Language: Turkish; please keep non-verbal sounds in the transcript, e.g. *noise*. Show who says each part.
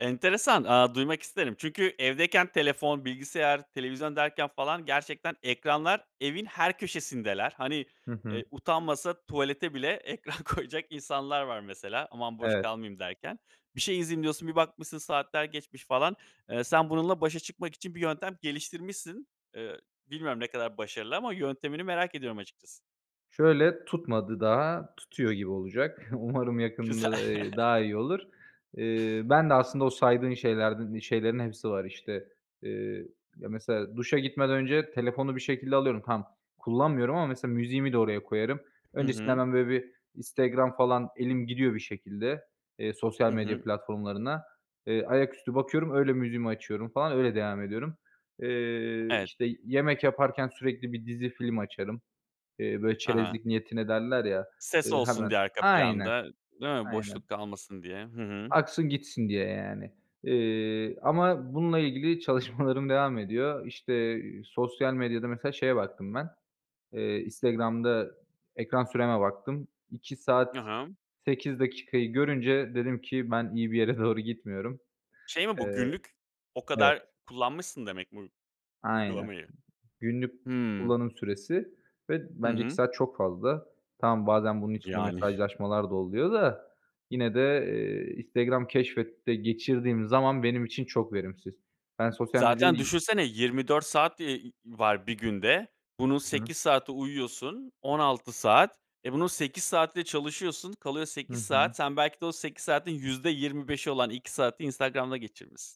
Speaker 1: Enteresan. Aaa, duymak isterim. Çünkü evdeyken telefon, bilgisayar, televizyon derken falan gerçekten ekranlar evin her köşesindeler. Hani,
Speaker 2: Hı hı.
Speaker 1: eee, utanmasa tuvalete bile ekran koyacak insanlar var mesela. "Aman boş
Speaker 2: Evet.
Speaker 1: kalmayayım." derken. Bir şey izleyeyim diyorsun bir bakmışsın saatler geçmiş falan. Eee, sen bununla başa çıkmak için bir yöntem geliştirmişsin. Eee, bilmiyorum ne kadar başarılı ama yöntemini merak ediyorum açıkçası.
Speaker 2: Şöyle: Tutmadı daha, tutuyor gibi olacak. Umarım
Speaker 1: Güzel.
Speaker 2: yakında, eee, daha
Speaker 1: *chuckles*
Speaker 2: iyi olur. Eee, ben de aslında o saydığın şeylerden iii, şeylerin hepsi var işte. Eee, ya mesela duşa gitmeden önce telefonu bir şekilde alıyorum. Tamam, kullanmıyorum ama mesela müziğimi de oraya koyarım.
Speaker 1: Hı
Speaker 2: Öncesinde
Speaker 1: hı.
Speaker 2: hemen, böyle, bir Instagram falan elim gidiyor bir şekilde, eee,
Speaker 1: Hı
Speaker 2: sosyal medya
Speaker 1: hı.
Speaker 2: platformlarına, eee, ayaküstü bakıyorum, öyle müziğimi açıyorum falan öyle devam ediyorum. Eee,
Speaker 1: Evet.
Speaker 2: işte, yemek yaparken sürekli bir dizi film açarım. Eee, böyle,
Speaker 1: A ha.
Speaker 2: "çerezlik niyetine" derler ya,
Speaker 1: Ses
Speaker 2: ııı,
Speaker 1: olsun
Speaker 2: hemen.
Speaker 1: diye arka
Speaker 2: Aynen.
Speaker 1: planda, değil mi?
Speaker 2: Aynen.
Speaker 1: Boşluk kalmasın diye. Hı hı.
Speaker 2: Aksın gitsin diye yani. Eee, ama bununla ilgili çalışmalarım devam ediyor. İşte, sosyal medyada mesela şeye baktım ben, eee, Instagram'da ekran süreme baktım. 2 saat
Speaker 1: Hı hımm.
Speaker 2: 8 dakikayı görünce dedim ki, "Ben iyi bir yere doğru gitmiyorum."
Speaker 1: Şey mi bu?
Speaker 2: Eee,
Speaker 1: Günlük o
Speaker 2: evet.
Speaker 1: kadar kullanmışsın demek mi uy
Speaker 2: Aynen.
Speaker 1: uygulamayı?
Speaker 2: Günlük
Speaker 1: Hımm.
Speaker 2: kullanım süresi ve
Speaker 1: Hı
Speaker 2: bence 2
Speaker 1: hı.
Speaker 2: saat çok fazla. Tamam, bazen bunun içinde
Speaker 1: Yani. *chuckles*
Speaker 2: mesajlaşmalar da oluyor da, yine de, eee, Instagram Keşfet'te geçirdiğim zaman benim için çok verimsiz. Ben sosyal
Speaker 1: Zaten
Speaker 2: medyayı
Speaker 1: düşünsene 24 saat, eee, var 1 günde. Bunun
Speaker 2: Hı hı.
Speaker 1: 8 saati uyuyorsun, 16 saat. E, bunun 8 saati de çalışıyorsun, kalıyor
Speaker 2: Hı
Speaker 1: 8 saat.
Speaker 2: hı.
Speaker 1: Sen belki de o 8 saatin %25'i olan 2 saati Instagram'da geçirmişsin.